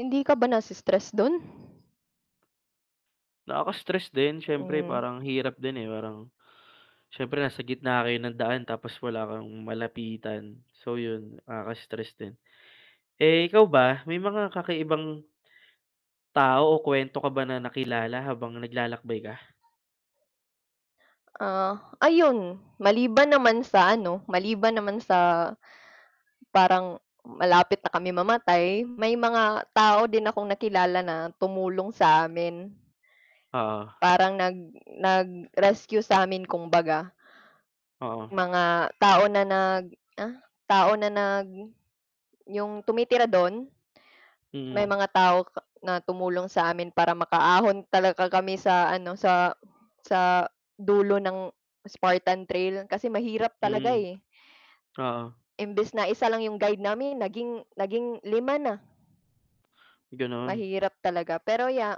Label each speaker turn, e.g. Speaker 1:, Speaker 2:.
Speaker 1: Hindi ka ba na se-stress do'n?
Speaker 2: Nakaka-stress din siyempre
Speaker 1: Hmm.
Speaker 2: parang hirap din, eh, parang, siyempre nasa gitna kayo ng daan tapos wala kang malapitan, so, 'yun, nakakastress din. Eh, ikaw ba may mga kakaibang tao o kuwento ka ba na nakilala habang naglalakbay ka?
Speaker 1: Ah, ayun maliban naman sa ano, maliban naman sa, parang malapit na kami mamatay may mga tao din akong nakilala na tumulong sa amin.
Speaker 2: Oo.
Speaker 1: Parang nag nag rescue sa'min kumbaga.
Speaker 2: Oo.
Speaker 1: Mga tao na nag, ah, tao na nag 'yong tumitira do'n May
Speaker 2: Mm.
Speaker 1: mga tao ka na tumulong sa amin para makaahon talaga kami sa ano sa, sa dulo ng Spartan Trail kasi mahirap talaga,
Speaker 2: Mm.
Speaker 1: eh.
Speaker 2: Oo.
Speaker 1: Imbes na 1 lang yung guide namin naging, naging 5 na.
Speaker 2: Gano'n?
Speaker 1: Mahirap talaga pero ya